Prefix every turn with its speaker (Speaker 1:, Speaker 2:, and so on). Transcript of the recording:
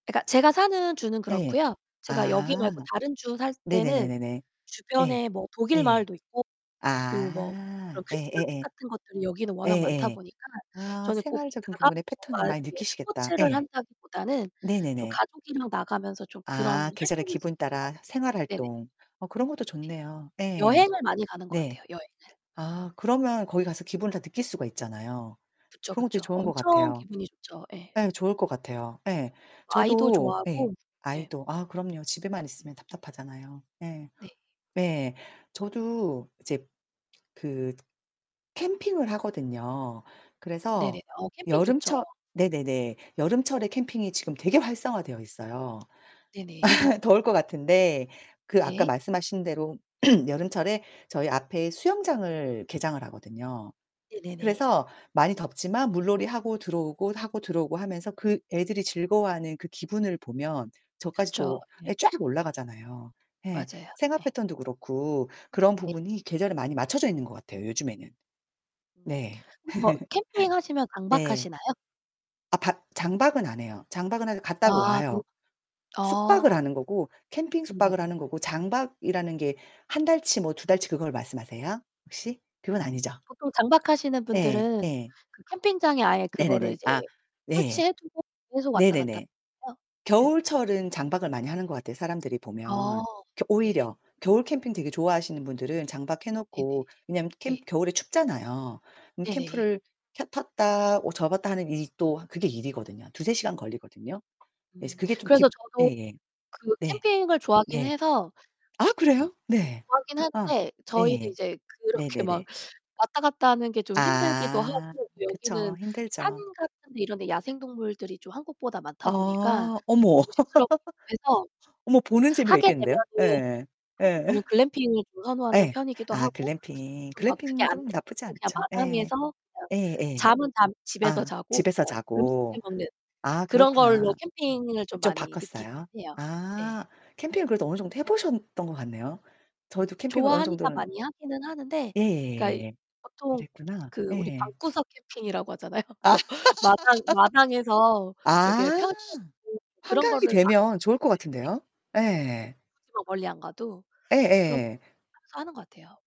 Speaker 1: 그니까 제가 사는 주는
Speaker 2: 예.
Speaker 1: 그렇고요. 제가 여기
Speaker 2: 아.
Speaker 1: 말고 다른 주 살 때는
Speaker 2: 네네네네네. 예.
Speaker 1: 주변에 뭐 독일
Speaker 2: 예.
Speaker 1: 마을도 있고 그리고 뭐 그런
Speaker 2: 아. 예
Speaker 1: 크리스 마켓
Speaker 2: 예예.
Speaker 1: 같은 것들이 여기는 워낙 많다
Speaker 2: 예예.
Speaker 1: 보니까
Speaker 2: 아
Speaker 1: 저는 꼭
Speaker 2: 생활적인
Speaker 1: 나가서
Speaker 2: 부분의 패턴을
Speaker 1: 뭔가
Speaker 2: 많이
Speaker 1: 이렇게
Speaker 2: 느끼시겠다.
Speaker 1: 스포츠를
Speaker 2: 예.
Speaker 1: 한다기보다는 좀
Speaker 2: 네네네.
Speaker 1: 가족이랑 나가면서 좀 그런
Speaker 2: 아. 계절의
Speaker 1: 활동을
Speaker 2: 기분
Speaker 1: 즐기는 것 같아요.
Speaker 2: 따라 생활
Speaker 1: 네네.
Speaker 2: 활동. 어 그런 것도
Speaker 1: 네.
Speaker 2: 좋네요. 예.
Speaker 1: 여행을 많이 가는 것
Speaker 2: 네.
Speaker 1: 같아요, 여행을.
Speaker 2: 아 그러면 거기 가서 기분을 다 느낄 수가 있잖아요.
Speaker 1: 그쵸,
Speaker 2: 그런 것도 되게
Speaker 1: 그쵸.
Speaker 2: 좋은 것
Speaker 1: 엄청
Speaker 2: 같아요.
Speaker 1: 기분이 좋죠. 예.
Speaker 2: 예 좋을 것 같아요. 예.
Speaker 1: 아이도
Speaker 2: 저도 예
Speaker 1: 좋아하고 예.
Speaker 2: 아이도 아 그럼요. 집에만 있으면 답답하잖아요. 예.
Speaker 1: 네.
Speaker 2: 네. 저도 이제 그 캠핑을 하거든요.
Speaker 1: 네네.
Speaker 2: 그래서
Speaker 1: 어 캠핑 좋죠.
Speaker 2: 여름철
Speaker 1: 네.
Speaker 2: 네네네 여름철에 캠핑이 지금 되게 활성화되어 있어요.
Speaker 1: 네네.
Speaker 2: 더울 것 같은데 그 아까
Speaker 1: 네.
Speaker 2: 말씀하신 대로 여름철에 저희 앞에 수영장을 개장을 하거든요.
Speaker 1: 네네네.
Speaker 2: 그래서 많이 덥지만 물놀이하고 들어오고, 하고 들어오고 하면서 그 애들이 즐거워하는 그 기분을 보면 저까지
Speaker 1: 그쵸.
Speaker 2: 또
Speaker 1: 예.
Speaker 2: 예 쫙 올라가잖아요. 예.
Speaker 1: 맞아요.
Speaker 2: 생활
Speaker 1: 예.
Speaker 2: 패턴도 그렇고 그런
Speaker 1: 네.
Speaker 2: 부분이 계절에 많이 맞춰져 있는 것 같아요, 요즘에는. 네.
Speaker 1: 혹시 뭐 캠핑하시면
Speaker 2: 네.
Speaker 1: 장박하시나요?
Speaker 2: 아 바 장박은 안 해요. 장박은 하 갔다가
Speaker 1: 아 그
Speaker 2: 와요. 숙박을
Speaker 1: 아.
Speaker 2: 하는 거고 캠핑
Speaker 1: 네네.
Speaker 2: 숙박을 하는 거고 장박이라는 게 1 달치 뭐 2 달치 그걸 말씀하세요? 혹시? 그건 아니죠?
Speaker 1: 보통 장박하시는
Speaker 2: 예.
Speaker 1: 분들은
Speaker 2: 예.
Speaker 1: 그 캠핑장에 아예 그거를
Speaker 2: 네네네.
Speaker 1: 이제
Speaker 2: 아. 네.
Speaker 1: 설치해두고 계속 왔다 갔다
Speaker 2: 네네네.
Speaker 1: 해요? 예.
Speaker 2: 겨울철은 장박을 많이 하는 것 같아요, 사람들이
Speaker 1: 아.
Speaker 2: 보면, 그
Speaker 1: 네네.
Speaker 2: 오히려. 겨울 캠핑 되게 좋아하시는 분들은 장박 해
Speaker 1: 네네.
Speaker 2: 놓고 왜냐면
Speaker 1: 네.
Speaker 2: 캠 겨울에 춥잖아요. 그럼
Speaker 1: 네네.
Speaker 2: 캠프를 켜 폈다 어 접었다 하는 일이 또 그게 일이거든요. 2-3 시간 걸리거든요. 그래서
Speaker 1: 음.
Speaker 2: 그게 좀
Speaker 1: 그래서
Speaker 2: 깊
Speaker 1: 저도
Speaker 2: 예예.
Speaker 1: 그
Speaker 2: 네.
Speaker 1: 캠핑을 좋아하긴
Speaker 2: 네.
Speaker 1: 해서 그
Speaker 2: 아 그래요? 네.
Speaker 1: 좋아하긴
Speaker 2: 아.
Speaker 1: 하는데 저희는
Speaker 2: 예예.
Speaker 1: 이제 그렇게 막
Speaker 2: 네네네.
Speaker 1: 왔다 갔다 하는 게 좀 힘들기도
Speaker 2: 아.
Speaker 1: 하고
Speaker 2: 그쵸.
Speaker 1: 여기는 산
Speaker 2: 힘들죠.
Speaker 1: 같은 데 이런 데 야생 동물들이 좀 한국보다 많다 보니까
Speaker 2: 어. 어머.
Speaker 1: 좀 조심스럽기도 해서
Speaker 2: 어머 보는 재미가
Speaker 1: 하게
Speaker 2: 있겠는데요.
Speaker 1: 되면은
Speaker 2: 예예예.
Speaker 1: 하게 되면
Speaker 2: 예.
Speaker 1: 글램핑을 좀 선호하는
Speaker 2: 예.
Speaker 1: 편이기도
Speaker 2: 아
Speaker 1: 하고
Speaker 2: 글램핑.
Speaker 1: 또 막 그게 안되면
Speaker 2: 글램핑도 나쁘지
Speaker 1: 그냥
Speaker 2: 않죠. 예.
Speaker 1: 마당에서 그냥
Speaker 2: 예예.
Speaker 1: 잠은 잠 집에서
Speaker 2: 아.
Speaker 1: 자고
Speaker 2: 집에서
Speaker 1: 그냥 음식 해
Speaker 2: 자고.
Speaker 1: 먹는
Speaker 2: 아
Speaker 1: 그런 걸로
Speaker 2: 그렇구나.
Speaker 1: 캠핑을 좀
Speaker 2: 좀
Speaker 1: 많이 느끼긴
Speaker 2: 바꿨어요?
Speaker 1: 해요.
Speaker 2: 아.
Speaker 1: 네.
Speaker 2: 캠핑을 그래도 어느 정도 해 보셨던 것 같네요. 저희도 캠핑을 어느
Speaker 1: 좋아하니까
Speaker 2: 정도는
Speaker 1: 많이 하기는 하는데 그니까 이
Speaker 2: 예예예예예.
Speaker 1: 보통
Speaker 2: 그랬구나.
Speaker 1: 그 우리
Speaker 2: 예.
Speaker 1: 방구석 캠핑이라고 하잖아요.
Speaker 2: 아.
Speaker 1: 그래서 마당 마당에서 이렇게
Speaker 2: 아.
Speaker 1: 펼쳐 놓고 그런
Speaker 2: 한강이
Speaker 1: 거를 많이 이제
Speaker 2: 되면 좋을 것 같은데요? 예.
Speaker 1: 예예. 예. 굳이 뭐 멀리 안 가도 그렇게
Speaker 2: 예예.
Speaker 1: [unintelligible] 하는 것 같아요.